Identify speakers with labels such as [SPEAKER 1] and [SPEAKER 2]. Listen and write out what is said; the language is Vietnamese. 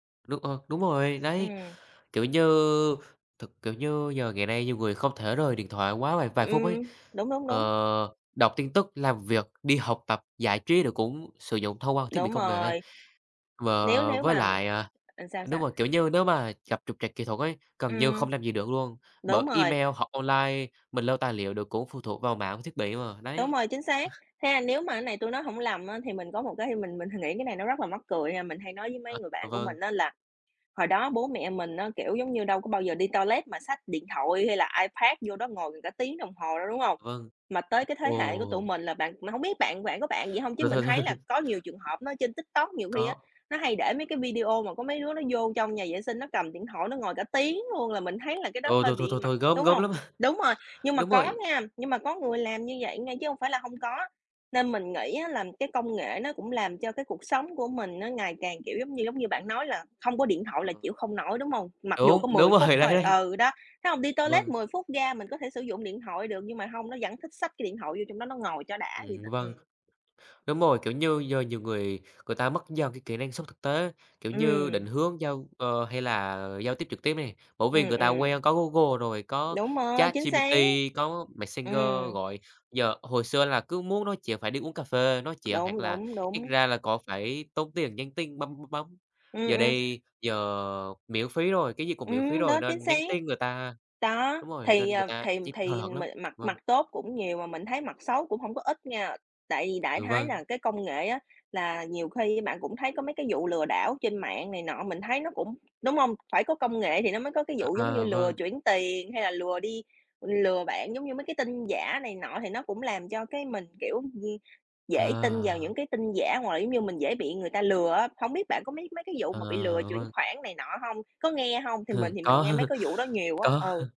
[SPEAKER 1] Được, ờ đúng rồi đấy,
[SPEAKER 2] Ừm.
[SPEAKER 1] kiểu như, thực kiểu như giờ ngày nay nhiều người không thể rời điện thoại quá vài vài phút ấy,
[SPEAKER 2] Ừm, đúng, đúng, đúng.
[SPEAKER 1] ờ, đọc tin tức, làm việc, đi học tập, giải trí rồi cũng sử dụng thông qua thiết bị
[SPEAKER 2] Đúng
[SPEAKER 1] công nghệ.
[SPEAKER 2] rồi.
[SPEAKER 1] Và
[SPEAKER 2] Nếu nếu
[SPEAKER 1] với
[SPEAKER 2] mà
[SPEAKER 1] lại, à
[SPEAKER 2] ừm, sao
[SPEAKER 1] đúng
[SPEAKER 2] sao?
[SPEAKER 1] rồi, kiểu như, nếu mà gặp trục trặc kỹ thuật ấy, gần như
[SPEAKER 2] Ừm.
[SPEAKER 1] không làm gì được luôn, bởi
[SPEAKER 2] Đúng rồi.
[SPEAKER 1] email hoặc online, mình lưu tài liệu được cũng phụ thuộc vào mạng và thiết bị mà.
[SPEAKER 2] Đúng
[SPEAKER 1] Đấy.
[SPEAKER 2] rồi, chính xác. Thế là nếu mà cái này tui nói hổng lầm á thì mình có một cái mình mình nghĩ cái này nó rất là mắc cười ha, mình hay nói với
[SPEAKER 1] À.
[SPEAKER 2] mấy người bạn của
[SPEAKER 1] Vâng.
[SPEAKER 2] mình á là hồi đó bố mẹ mình á, kiểu, giống như, đâu có bao giờ đi toilet mà xách điện thoại hay là iPad vô đó ngồi cả tiếng đồng hồ đâu, đúng hông?
[SPEAKER 1] Vâng.
[SPEAKER 2] Mà tới cái thế hệ của tụi
[SPEAKER 1] Ồ.
[SPEAKER 2] mình là bạn mà hông biết bạn bạn có bạn vậy hông? Chứ mình thấy là có nhiều trường hợp nó trên TikTok, nhiều khi á
[SPEAKER 1] Có.
[SPEAKER 2] nó hay để mấy cái video mà có mấy đứa nó vô trong nhà vệ sinh nó cầm điện thoại nó ngồi cả tiếng luôn là mình thấy là cái đó
[SPEAKER 1] Ô,
[SPEAKER 2] hơi
[SPEAKER 1] thôi, thôi,
[SPEAKER 2] bị
[SPEAKER 1] thôi,
[SPEAKER 2] mật
[SPEAKER 1] thôi, gớm,
[SPEAKER 2] đúng
[SPEAKER 1] gớm lắm!
[SPEAKER 2] hông? Đúng rồi, nhưng mà
[SPEAKER 1] Đúng
[SPEAKER 2] có
[SPEAKER 1] rồi.
[SPEAKER 2] nha, nhưng mà có người làm như vậy nha, chứ hông phải là hông có. Nên mình nghĩ á là cái công nghệ nó cũng làm cho cái cuộc sống của mình nó ngày càng, kiểu, giống như, giống như, bạn nói là hông có điện thoại
[SPEAKER 1] Ờ.
[SPEAKER 2] là chịu không nổi, đúng hông? Mặc dù có
[SPEAKER 1] Đúng, đúng
[SPEAKER 2] 10 phút
[SPEAKER 1] rồi, đấy,
[SPEAKER 2] thôi.
[SPEAKER 1] đấy.
[SPEAKER 2] Ừ, đó, thấy hông? Đi toilet
[SPEAKER 1] Vâng.
[SPEAKER 2] 10 phút ra mình có thể sử dụng điện thoại được, nhưng mà hông, nó vẫn thích xách cái điện thoại vô trong đó nó ngồi cho đã vậy
[SPEAKER 1] Ừm,
[SPEAKER 2] đó.
[SPEAKER 1] vâng.
[SPEAKER 2] Ừm.
[SPEAKER 1] Đúng rồi, kiểu như giờ nhiều người người ta mất dần cái kỹ năng sống thực tế, kiểu như định
[SPEAKER 2] Ừm.
[SPEAKER 1] hướng giao ờ, hay là giao tiếp trực tiếp nè, bởi vì
[SPEAKER 2] Ừm,
[SPEAKER 1] người ta quen
[SPEAKER 2] ừm.
[SPEAKER 1] có Google rồi, có
[SPEAKER 2] Đúng rồi, chính
[SPEAKER 1] ChatGPT,
[SPEAKER 2] xác.
[SPEAKER 1] có Messenger
[SPEAKER 2] Ừm.
[SPEAKER 1] gọi, giờ hồi xưa là cứ muốn nói chuyện phải đi uống cà phê nói chuyện, hoặc
[SPEAKER 2] Đúng,
[SPEAKER 1] là
[SPEAKER 2] đúng,
[SPEAKER 1] ít
[SPEAKER 2] đúng.
[SPEAKER 1] ra là có phải tốn tiền nhắn tin bấm bấm bấm.
[SPEAKER 2] Ừm,
[SPEAKER 1] Giờ
[SPEAKER 2] ừm.
[SPEAKER 1] đây, giờ miễn phí rồi, cái gì cũng miễn phí
[SPEAKER 2] Ừm,
[SPEAKER 1] rồi
[SPEAKER 2] đó, chính
[SPEAKER 1] nên
[SPEAKER 2] xác.
[SPEAKER 1] nhắn tin người ta
[SPEAKER 2] Đó,
[SPEAKER 1] đúng rồi,
[SPEAKER 2] thì,
[SPEAKER 1] nên người
[SPEAKER 2] ờ,
[SPEAKER 1] ta
[SPEAKER 2] thì
[SPEAKER 1] nhắn hời
[SPEAKER 2] thì
[SPEAKER 1] hợt
[SPEAKER 2] m
[SPEAKER 1] lắm.
[SPEAKER 2] mặt
[SPEAKER 1] Vâng.
[SPEAKER 2] mặt tốt cũng nhiều mà mình thấy mặt xấu cũng hông có ít nha. Tại vì đại
[SPEAKER 1] Ừ,
[SPEAKER 2] khái
[SPEAKER 1] vâng.
[SPEAKER 2] là cái công nghệ á là nhiều khi bạn cũng thấy có mấy cái vụ lừa đảo trên mạng này nọ, mình thấy nó cũng đúng hông? Phải có công nghệ thì nó mới có cái
[SPEAKER 1] À,
[SPEAKER 2] vụ giống như
[SPEAKER 1] à,
[SPEAKER 2] lừa
[SPEAKER 1] vâng.
[SPEAKER 2] chuyển tiền hay là lừa đi lừa bạn giống như mấy cái tin giả này nọ thì nó cũng làm cho cái mình, kiểu, ưm, dễ tin vào
[SPEAKER 1] À.
[SPEAKER 2] những cái tin giả hoặc là, giống như, mình dễ bị người ta lừa á. Hổng biết bạn có mấy mấy cái vụ
[SPEAKER 1] À,
[SPEAKER 2] mà bị lừa chuyển
[SPEAKER 1] vâng.
[SPEAKER 2] khoản này nọ hông? Có nghe hông? Thì mình thì mình
[SPEAKER 1] Có.
[SPEAKER 2] nghe mấy cái vụ đó nhiều á.
[SPEAKER 1] Có.
[SPEAKER 2] Ừ.